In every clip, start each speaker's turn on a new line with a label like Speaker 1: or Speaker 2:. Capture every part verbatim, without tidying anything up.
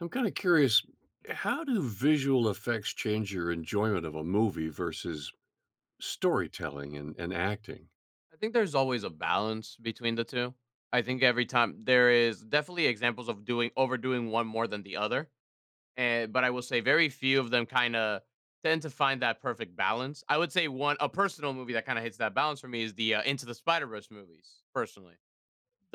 Speaker 1: I'm kinda curious. How do visual effects change your enjoyment of a movie versus storytelling and and acting?
Speaker 2: I think there's always a balance between the two. I think every time there is definitely examples of doing overdoing one more than the other. An but I will say very few of them kinda tend to find that perfect balance. I would say one a personal movie that kinda hits that balance for me is the, uh, Into the Spider-Verse movies, personally.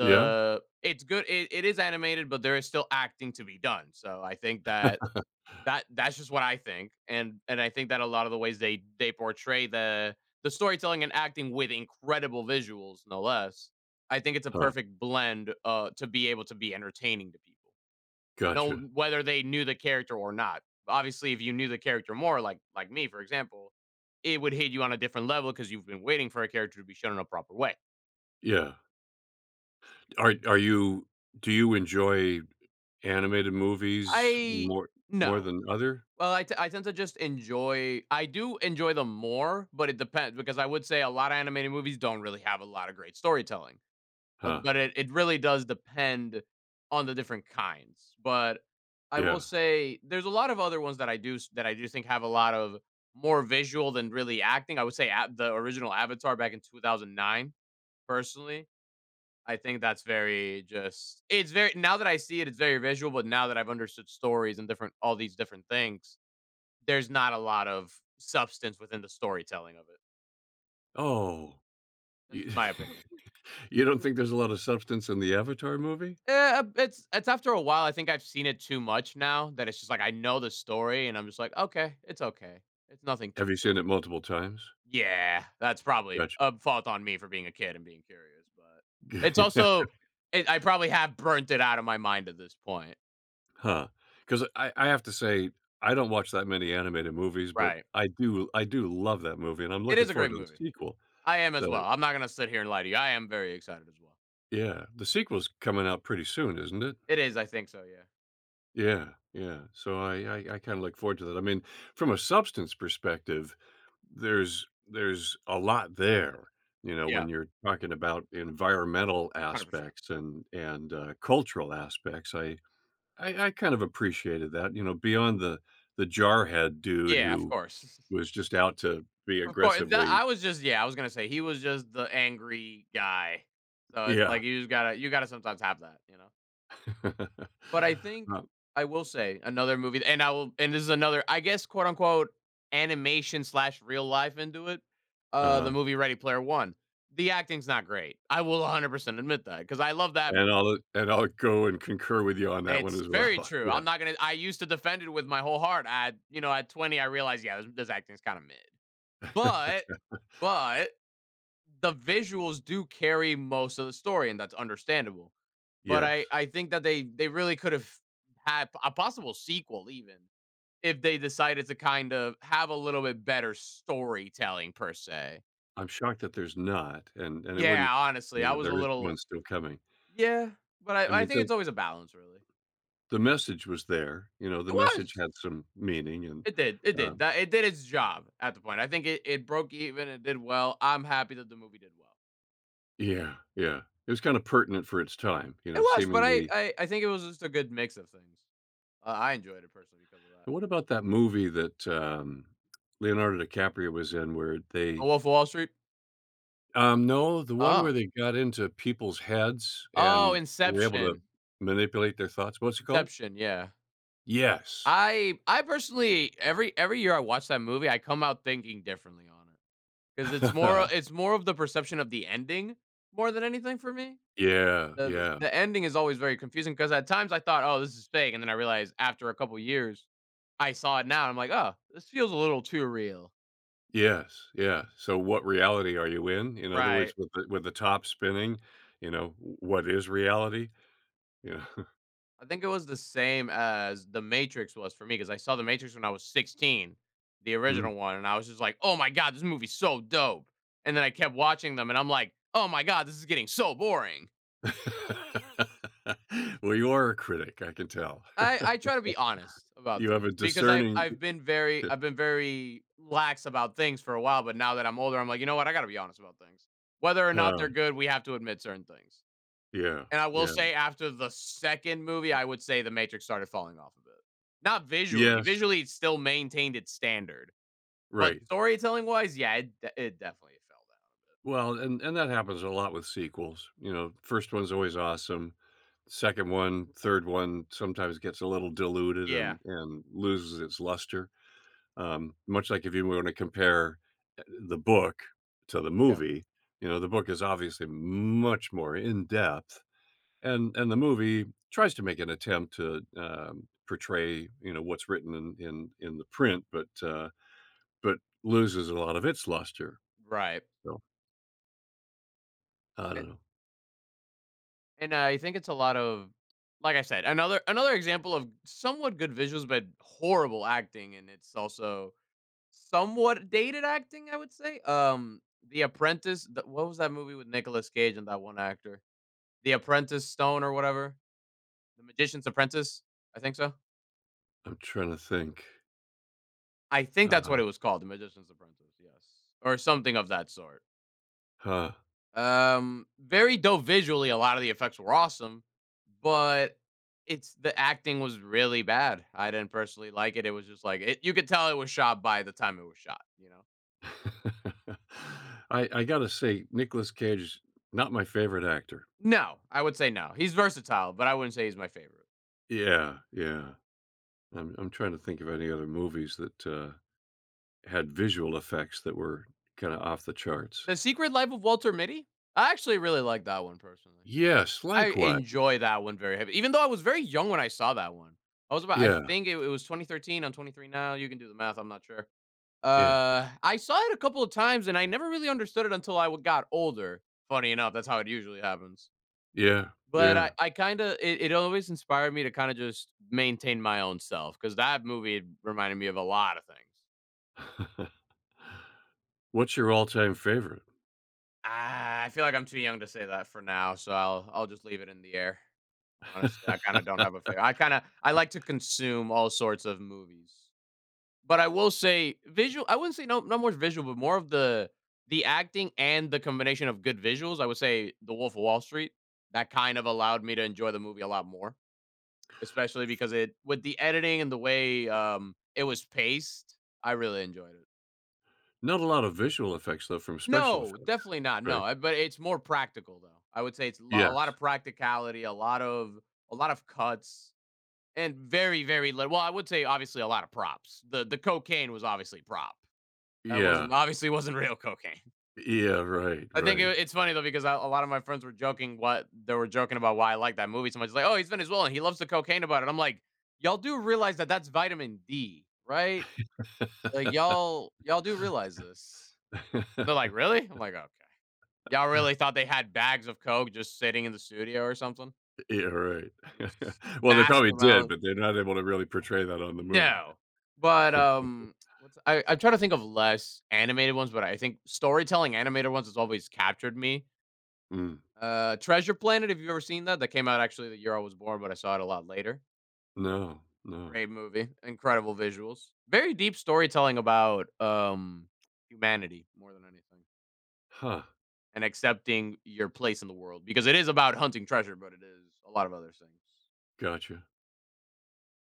Speaker 1: Yeah.
Speaker 2: it's good it it is animated, but there is still acting to be done, so I think that that that's just what I think, and and I think that a lotta the ways they they portray the the storytelling and acting with incredible visuals, no less, I think it's a
Speaker 1: Huh.
Speaker 2: perfect blend, uh, to be able to be entertaining to people, no
Speaker 1: Gotcha.
Speaker 2: whether they knew the character or not. Obviously, if you knew the character more like like me, for example, it would hit you on a different level 'cause you've been waiting for a character to be shown in a proper way.
Speaker 1: Yeah. Are are you do you enjoy animated movies
Speaker 2: I
Speaker 1: more more
Speaker 2: no.
Speaker 1: than other?
Speaker 2: Well, I te I tend to just enjoy I do enjoy them more, but it depends, because I would say a lotta animated movies don't really have a lotta great storytelling; um,
Speaker 1: Huh.
Speaker 2: but it it really does depend on the different kinds, but I will
Speaker 1: Yeah.
Speaker 2: say there's a lot of other ones that I do s that I do think have a lot of more visual than really acting, I would say at the original Avatar back in two thousand nine, personally, I think that's very, just, it's very now that I see it, it's very visual, but now that I've understood stories and different all these different things, there's not a lot of substance within the storytelling of it.
Speaker 1: Oh,
Speaker 2: That's
Speaker 1: you
Speaker 2: just my opinion.
Speaker 1: you don't think there's a lotta substance in the Avatar movie?
Speaker 2: Eh, um, it's it's after a while, I think I've seen it too much now that it's just like, know the story and I'm just like, "Okay, it's okay. It's nothing
Speaker 1: Have
Speaker 2: too
Speaker 1: you
Speaker 2: great."
Speaker 1: seen it multiple times?
Speaker 2: Yeah. That's probably
Speaker 1: Gotcha.
Speaker 2: a fault on me for being a kid and being curious. But, it's
Speaker 1: Gotcha.
Speaker 2: also it I probably have burnt it outta my mind at this point.
Speaker 1: Huh? 'Cause, uh I I have to say, I don't watch that many animated movies, but
Speaker 2: Right.
Speaker 1: I do I do love that movie, and I'm
Speaker 2: It
Speaker 1: looking
Speaker 2: is a
Speaker 1: forward
Speaker 2: great
Speaker 1: to the
Speaker 2: movie.
Speaker 1: sequel.
Speaker 2: I am as
Speaker 1: The
Speaker 2: well. I'm not gonna sit here and lie to you. I am very excited as well.
Speaker 1: yeah. The sequel's coming out pretty soon, isn't it?
Speaker 2: It is, I think so, yeah.
Speaker 1: Yeah. Yeah. So I I I kinda look forward to that. I mean, from a substance perspective, there's there's a lot there, you know,
Speaker 2: Yeah.
Speaker 1: when you're talking about environmental
Speaker 2: hundred percent.
Speaker 1: aspects and and, uh, cultural aspects. I I I kind of appreciated that, you know, beyond the the jarhead dude
Speaker 2: Yeah. Of
Speaker 1: who
Speaker 2: course.
Speaker 1: was just out to be
Speaker 2: Of course, and tha
Speaker 1: aggressively
Speaker 2: I was just yeah. I was gonna say, he was just the angry guy. So, it's like
Speaker 1: Yeah.
Speaker 2: you just gotta you gotta sometimes have that, you know? But I think
Speaker 1: Oh.
Speaker 2: I will say another movie and I will and this is another, I guess, quote unquote, "Animation slash real life into it." Uh, the
Speaker 1: Uh-huh.
Speaker 2: movie, Ready Player One. The acting's not great. I will a hundred percent admit that, 'cause I love that
Speaker 1: And
Speaker 2: movie.
Speaker 1: I'll, eh and I'll go and concur with you on that one
Speaker 2: It's
Speaker 1: as
Speaker 2: very
Speaker 1: well.
Speaker 2: true. I'm
Speaker 1: Yeah.
Speaker 2: not gonna I used to defend it with my whole heart. I you know, at twenty, realized, "Yeah, this this acting is kind of mid." But but, the visuals do carry most of the story, and that's understandable. But I
Speaker 1: Yes.
Speaker 2: I think that they they really could've hap a possible sequel even, if they decided to, kind of, have a little bit better storytelling per se.
Speaker 1: I'm shocked that there's not, and and it wouldn't
Speaker 2: Yeah, honestly, I
Speaker 1: Though
Speaker 2: was a
Speaker 1: there is one
Speaker 2: little
Speaker 1: still coming.
Speaker 2: Yeah. But
Speaker 1: I
Speaker 2: I I
Speaker 1: meant
Speaker 2: think
Speaker 1: the
Speaker 2: it's always a balance, really.
Speaker 1: the message was there. You know,
Speaker 2: It
Speaker 1: the message
Speaker 2: was!
Speaker 1: had some meaning and
Speaker 2: It did it did.
Speaker 1: um
Speaker 2: That it did its job at the point. I think it it broke even. It did well. I'm happy that the movie did well.
Speaker 1: Yeah. Yeah. It was kinda pertinent for its time, you
Speaker 2: It
Speaker 1: know,
Speaker 2: was, but I
Speaker 1: seemingly
Speaker 2: I I think it was just a good mix of things. Uh, I enjoyed it personally because of that.
Speaker 1: And what about that movie that, um, Leonardo DiCaprio was in where
Speaker 2: A
Speaker 1: they
Speaker 2: Wolf of Wall Street?
Speaker 1: Um, no, the one
Speaker 2: Oh.
Speaker 1: where they got into people's heads
Speaker 2: Oh,
Speaker 1: and were able to
Speaker 2: Inception.
Speaker 1: manipulate their thoughts. What's it called?
Speaker 2: Inception. Yeah.
Speaker 1: Yes.
Speaker 2: I I personally every every year I watch that movie, I come out thinking differently on it. 'Cause it's more o it's more of the perception of the ending, more than anything for me.
Speaker 1: Yeah.
Speaker 2: The the s
Speaker 1: Yeah.
Speaker 2: the ending is always very confusing, 'cause at times I thought, "Oh, this is fake." And then I realized after a couple years I saw it now. I'm like, "Oh, this feels a little too real."
Speaker 1: Yes, yeah. So what reality are you in? In other
Speaker 2: Right.
Speaker 1: words, with the with the top spinning, you know, w what is reality? Yeah.
Speaker 2: I think it was the same as The Matrix was for me 'cause I saw The Matrix when I was sixteen, the
Speaker 1: Mm.
Speaker 2: original one, and I was just like, "Oh my God! This movie is so dope!" And then I kept watching them and I'm like, "Oh my God! This is getting so boring!"
Speaker 1: Well, you are a critic, I can tell.
Speaker 2: I I try to be honest about
Speaker 1: You have a
Speaker 2: things because I've
Speaker 1: discerning
Speaker 2: I've been very I've been very lax about things for a while, but now that I'm older, I'm like, "You know what, I gotta be honest about things." Whether or not they're
Speaker 1: Huh.
Speaker 2: good, we have to admit certain things.
Speaker 1: Yeah.
Speaker 2: And I will
Speaker 1: Yeah.
Speaker 2: say after the second movie, I would say The Matrix started falling off a bit. Not visually,
Speaker 1: Yes.
Speaker 2: visually, it still maintained its standard; but
Speaker 1: Right.
Speaker 2: storytelling wise, yeah, it de it definitely fell down a bit.
Speaker 1: Well, and and that happens a lot with sequels, you know, first one's always awesome. second one, third one sometimes gets a little diluted
Speaker 2: Yeah.
Speaker 1: and and loses its luster, um, much like if you wanna compare uh, the book to the
Speaker 2: Yeah.
Speaker 1: movie, you know, the book is obviously much more in depth, and and the movie tries to make an attempt to, um, portray, you know, what's written in in in the print, but, uh, but loses a lot of its luster.
Speaker 2: Right.
Speaker 1: So I
Speaker 2: And
Speaker 1: don't know.
Speaker 2: and I think it's a lot of like I said, another another example of somewhat good visuals but horrible acting and it's also somewhat dated acting I would say, um, The Apprentice the what was that movie with Nicolas Cage and that one actor? The Apprentice Stone or whatever? The Magician's Apprentice? I think so.
Speaker 1: I'm tryna think.
Speaker 2: I think that's what it
Speaker 1: Uh
Speaker 2: was called, "The Magician's Apprentice." Yes, or something of that sort.
Speaker 1: Huh.
Speaker 2: Um, very dope visually, a lot of the effects were awesome, but it's the acting was really bad. I didn't personally like it. It was just like i you could tell it was shot by the time it was shot, you know?
Speaker 1: I I gotta say Nicolas Cage is not my favorite actor.
Speaker 2: No, I would say, "no." He's versatile, but I wouldn't say he's my favorite.
Speaker 1: Yeah, yeah. I'm I'm tryna think of any other movies that, uh, had visual effects that were kinda off the charts.
Speaker 2: "The Secret Life of Walter Mitty?" I actually really like that one personally.
Speaker 1: Yes,
Speaker 2: I
Speaker 1: likewise.
Speaker 2: enjoy that one very heavy. Even though I was very young when I saw that one. I was about I
Speaker 1: Yeah.
Speaker 2: think it it was twenty thirteen. I'm twenty three now. You can do the math, I'm not sure.
Speaker 1: Yeah.
Speaker 2: Uh, I saw it a couple of times, and I never really understood it until I w got older. Funny enough, that's how it usually happens.
Speaker 1: Yeah,
Speaker 2: But I
Speaker 1: yeah.
Speaker 2: I kinda it it always inspired me to kinda just maintain my own self 'cause that movie reminded me of a lot of things.
Speaker 1: What's your all-time favorite?
Speaker 2: Ah, I feel like I'm too young to say that for now, so I'll I'll just leave it in the air. Honestly, I kinda don't have a fave I kinda I like to consume all sorts of movies. But I will say visual I wouldn't say no no more visual, but more of the the acting and the combination of good visuals, I would say, "The Wolf of Wall Street," that kind of allowed me to enjoy the movie a lot more. Especially because it with the editing and the way, um, it was paced, I really enjoyed it.
Speaker 1: Not a lot of visual effects, though, from special
Speaker 2: No,
Speaker 1: effects,
Speaker 2: definitely not,
Speaker 1: right?
Speaker 2: no, uh, but it's more practical though. I would say it's lo lotta
Speaker 1: Yes.
Speaker 2: practicality, a lot of a lot of cuts and very, very little well, I would say obviously a lot of props. The the cocaine was obviously prop. That wasn't
Speaker 1: Yeah.
Speaker 2: obviously wasn't real cocaine.
Speaker 1: Yeah, right,
Speaker 2: I think i
Speaker 1: right.
Speaker 2: it's funny, though, because a a lot of my friends were joking what they were joking about why I like that movie so much, they, "Oh, he's Venezuelan. He loves the cocaine about it." I'm like, "Y'all do realize that, that's vitamin D, right? Like, y'all y'all do realize this." They're like, "Really?" I'm like, "Okay. Y'all really thought they had bags of coke just sitting in the studio or something?"
Speaker 1: Yeah, right.
Speaker 2: This,
Speaker 1: Well, they probably
Speaker 2: massive
Speaker 1: did,
Speaker 2: amount.
Speaker 1: but they're not able to really portray that on the movie.
Speaker 2: No. But, um, what's a I I'm trying to think of less animated ones, but I think storytelling animated ones has always captured me.
Speaker 1: Mm.
Speaker 2: Uh, Treasure Planet, have you ever seen that? That came out, actually, the year I was born, but I saw it a lot later.
Speaker 1: No. No.
Speaker 2: Great movie, incredible visuals, very deep storytelling about, um, humanity more than anything
Speaker 1: Huh.
Speaker 2: and accepting your place in the world, because it is about hunting treasure, but it is a lot of other things.
Speaker 1: Gotcha.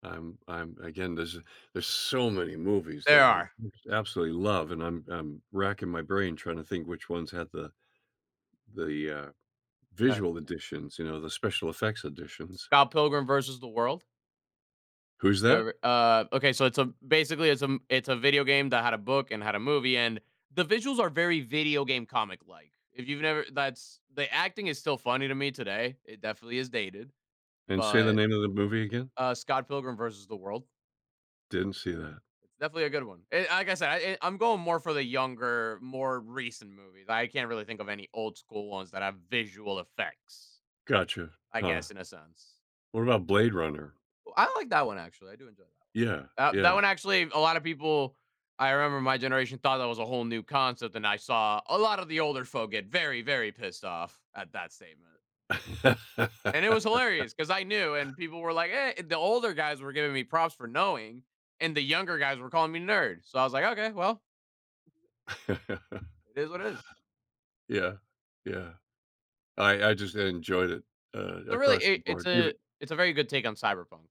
Speaker 1: I'm I'm again, there's a there's so many movies
Speaker 2: There
Speaker 1: that I
Speaker 2: are.
Speaker 1: just absolutely love, and I'm I'm racking my brain trying to think which ones had the the, uh, visual
Speaker 2: [unintelligible]
Speaker 1: editions, you know, the special effects editions.
Speaker 2: Scott Pilgrim vs. the World. Have
Speaker 1: Who's
Speaker 2: you
Speaker 1: that?
Speaker 2: ever Ah, okay, so it's a, basically it's a m it's a video game that had a book, and had a movie, and the visuals are very video game, comic-like, if you've never that's the acting is still funny to me, today. It definitely is dated,
Speaker 1: And say the
Speaker 2: but
Speaker 1: name of the movie again.
Speaker 2: Uh, Scott Pilgrim vs. the World.
Speaker 1: Didn't see that.
Speaker 2: It's definitely a good one, and like I said, I I'm going more for the younger, more recent movies, I can't really think of any old-school ones that have visual effects,
Speaker 1: Gotcha.
Speaker 2: I
Speaker 1: Huh.
Speaker 2: guess, in a sense.
Speaker 1: What about Blade Runner?
Speaker 2: Ooh, I like that one, actually, I do enjoy that
Speaker 1: Yeah.
Speaker 2: one. Tha that
Speaker 1: Yeah.
Speaker 2: one, actually, a lot of people I remember my generation thought that was a whole new concept, and I saw a lot of the older folk get very, very pissed off at that statement and it was hilarious 'cause I knew and people were like, "Eh" The older guys were giving me props for knowing and the younger guys were calling me, "Nerd," so I was like, "Okay, well" it is what it is.
Speaker 1: Yeah. Yeah. I I just enjoyed it, uh,
Speaker 2: So, really,
Speaker 1: across
Speaker 2: i
Speaker 1: the
Speaker 2: it's
Speaker 1: board,
Speaker 2: a
Speaker 1: even
Speaker 2: it's a very good take on cyberpunk.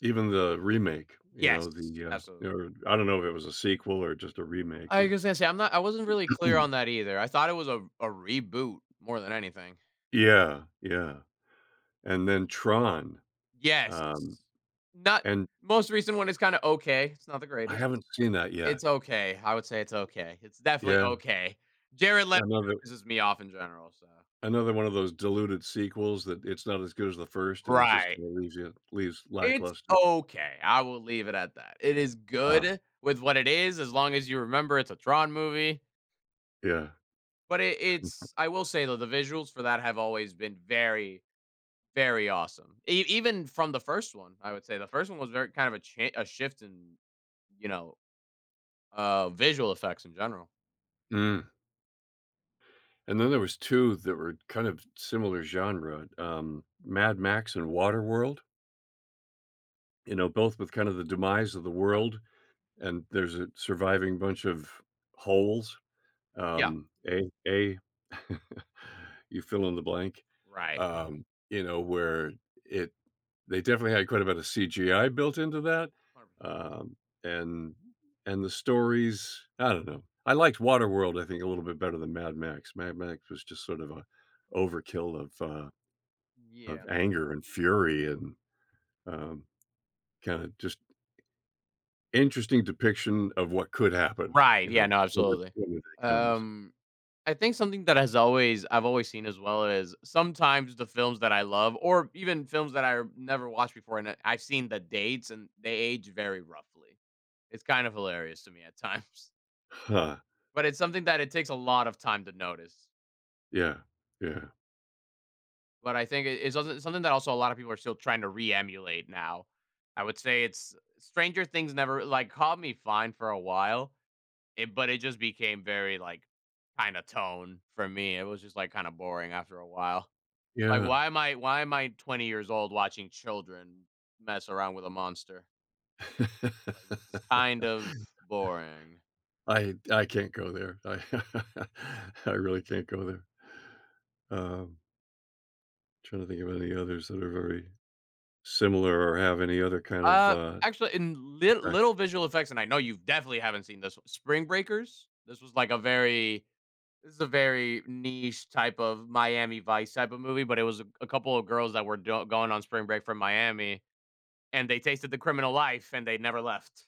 Speaker 1: even the remake, you
Speaker 2: Yes,
Speaker 1: know, the, uh,
Speaker 2: absolutely.
Speaker 1: or I don't know if it was a sequel or just a remake
Speaker 2: Like
Speaker 1: with
Speaker 2: I said, see I'm not I wasn't really clear on that either, I thought it was a a reboot more than anything.
Speaker 1: Yeah. Yeah, and then Tron,
Speaker 2: Yes.
Speaker 1: um,
Speaker 2: Not
Speaker 1: and
Speaker 2: Most recent one is kinda okay, it's not the
Speaker 1: I
Speaker 2: greatest,
Speaker 1: haven't seen that yet.
Speaker 2: it's okay, I would say it's okay, it's definitely
Speaker 1: Yeah.
Speaker 2: okay. Jared Leto
Speaker 1: Another
Speaker 2: pisses me off in general, so
Speaker 1: Another one of those diluted sequels that, it's not as good as the first and just
Speaker 2: Right.
Speaker 1: kinda leaves ya leaves
Speaker 2: It's
Speaker 1: lackluster.
Speaker 2: okay, I will leave it at that, it is
Speaker 1: Huh.
Speaker 2: good with what it is, as long as you remember it's a Tron movie
Speaker 1: Yeah.
Speaker 2: But it it's I will say though, the visuals for that have always been very, very awesome. E even from the first one, I would say, the first one was ver kind of a cha a shift in, you know, um, visual effects in general.
Speaker 1: Mm. And then there was two that were kind of s similar genre, um, Mad Max and Waterworld you know, both with kind of the demise of the
Speaker 2: Right.
Speaker 1: world, and there's a surviving bunch of holes,
Speaker 2: Yeah.
Speaker 1: um, A A, you fill in the blank,
Speaker 2: Right.
Speaker 1: um, you know, where it they definitely had quite a bit of CGI built into that,
Speaker 2: hundred percent
Speaker 1: um, and and the stories, I don't know, I liked Waterworld, I think, a little bit better than Mad Max. Mad Max was just sort of a overkill of a
Speaker 2: Yeah.
Speaker 1: of anger and fury and, um, kinda just interesting depiction of what could happen,
Speaker 2: Right,
Speaker 1: you
Speaker 2: yeah,
Speaker 1: know,
Speaker 2: no,
Speaker 1: w
Speaker 2: absolutely.
Speaker 1: when when it comes.
Speaker 2: Um, I think something that has always I've always seen as well is, sometimes the films that I love or even films that I've never watched before, and I I've seen the dates and they age very roughly. It's kind of hilarious to me at times.
Speaker 1: Huh.
Speaker 2: But it's something that it takes a lot of time to notice.
Speaker 1: Yeah, yeah.
Speaker 2: But I think i it's some something that also a lot of people are still trying to re-emulate now. I would say it's Stranger Things never like, caught me fine for a while. It but it just became very, like, kinda tone for me. It was just, like, kinda boring after a while. Like,
Speaker 1: Yeah.
Speaker 2: why am I why am I twenty years old watching children mess around with a monster? It's like, "This is kind of boring."
Speaker 1: I I can't go there. I I really can't go there. Um trying to think of any others that are very similar, or have any other kind of,
Speaker 2: Uh,
Speaker 1: uh,
Speaker 2: actually, in li
Speaker 1: impact.
Speaker 2: little visual effects, and I know you definitely haven't seen this one Spring Breakers? This was like a very it was a very niche type of Miami Vice type of movie, but it was a a couple of girls that were don going on spring break from Miami, and they tasted the criminal life and they never left.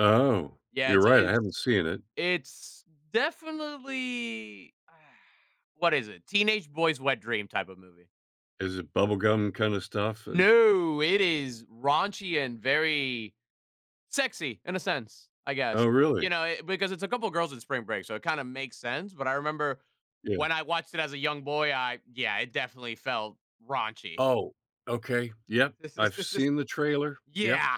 Speaker 1: Oh,
Speaker 2: Yeah,
Speaker 1: you're
Speaker 2: it's
Speaker 1: right, I
Speaker 2: it's
Speaker 1: haven't seen it.
Speaker 2: it's definitely ah, what is it? Teenage boys' wet dream type of movie.
Speaker 1: Is it bubblegum kind of stuff? And
Speaker 2: No, it is raunchy and very sexy in a sense, I guess,
Speaker 1: Oh, really?
Speaker 2: you know, i because it's a couple of girls in spring break, so it kinda makes sense, but I remember
Speaker 1: Yeah.
Speaker 2: when I watched it as a young boy, I yeah, it definitely felt raunchy.
Speaker 1: Oh, okay. Yep, I've seen the trailer, yep.
Speaker 2: Yeah.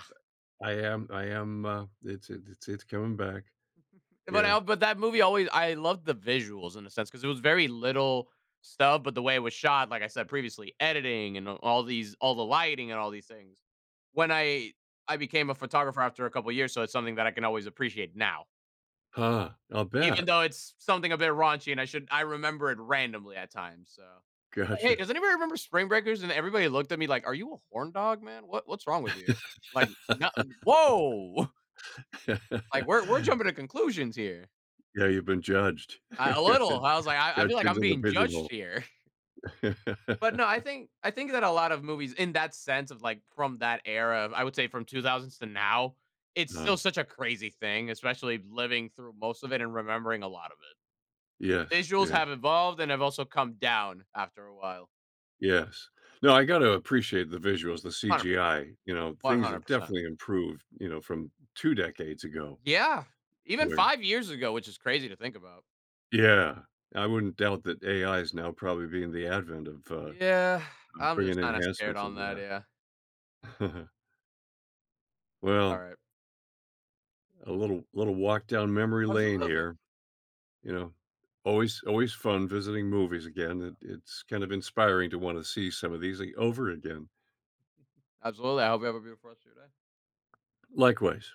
Speaker 1: I am I am, uh, it's it's it's it's coming back.
Speaker 2: But
Speaker 1: Yeah.
Speaker 2: I but that movie always I loved the visuals in a sense 'cause it was very little stuff, but the way it was shot, like I said previously, editing and all these all the lighting and all these things. When I I became a photographer after a couple years, so it's something that I can always appreciate now.
Speaker 1: Huh, I'll
Speaker 2: Even
Speaker 1: bet.
Speaker 2: though it's something a bit raunchy and I should I remember it randomly at times, so “Hey,
Speaker 1: Gotcha.
Speaker 2: does anybody remember Spring Breakers?” And everybody looked at me like, "Are you a horndog, man? What what's wrong with you? Like, no woah!" Like, we're we're jumping to conclusions here.
Speaker 1: Yeah, you've been judged.
Speaker 2: I a little, I was like, “I I
Speaker 1: Judged
Speaker 2: feel like I'm
Speaker 1: into the
Speaker 2: being
Speaker 1: prison
Speaker 2: judged
Speaker 1: hole.
Speaker 2: here.” But no, I think I think that a lot of movies in that sense of like from that era, I would say from two thousands to now, it's still
Speaker 1: No.
Speaker 2: such a crazy thing, especially living through most of it and remembering a lot of it.
Speaker 1: Yes,
Speaker 2: Visuals
Speaker 1: yeah.
Speaker 2: have evolved and have also come down after a while.
Speaker 1: Yes. No, I gotta appreciate the visuals, the
Speaker 2: hundred percent.
Speaker 1: CGI, you know,
Speaker 2: one
Speaker 1: things
Speaker 2: hundred
Speaker 1: have
Speaker 2: percent.
Speaker 1: definitely improved, you know, from two decades ago.
Speaker 2: Yeah! Even
Speaker 1: Where
Speaker 2: five years ago, which is crazy to think about.
Speaker 1: Yeah. I wouldn't doubt that AI is now probably being the advent of, uh,
Speaker 2: Yeah, I'm
Speaker 1: bringing
Speaker 2: just kinda scared
Speaker 1: enhancements
Speaker 2: on the
Speaker 1: into that.
Speaker 2: idea. But it's
Speaker 1: Well
Speaker 2: alright.
Speaker 1: a little little walk down memory lane
Speaker 2: Absolutely.
Speaker 1: here. You know? Always always fun visiting movies
Speaker 2: hundred
Speaker 1: again,
Speaker 2: percent.
Speaker 1: it it's kind of inspiring to wanna see some of these a over again.
Speaker 2: Absolutely, I hope you have a beautiful rest of your day.
Speaker 1: Likewise.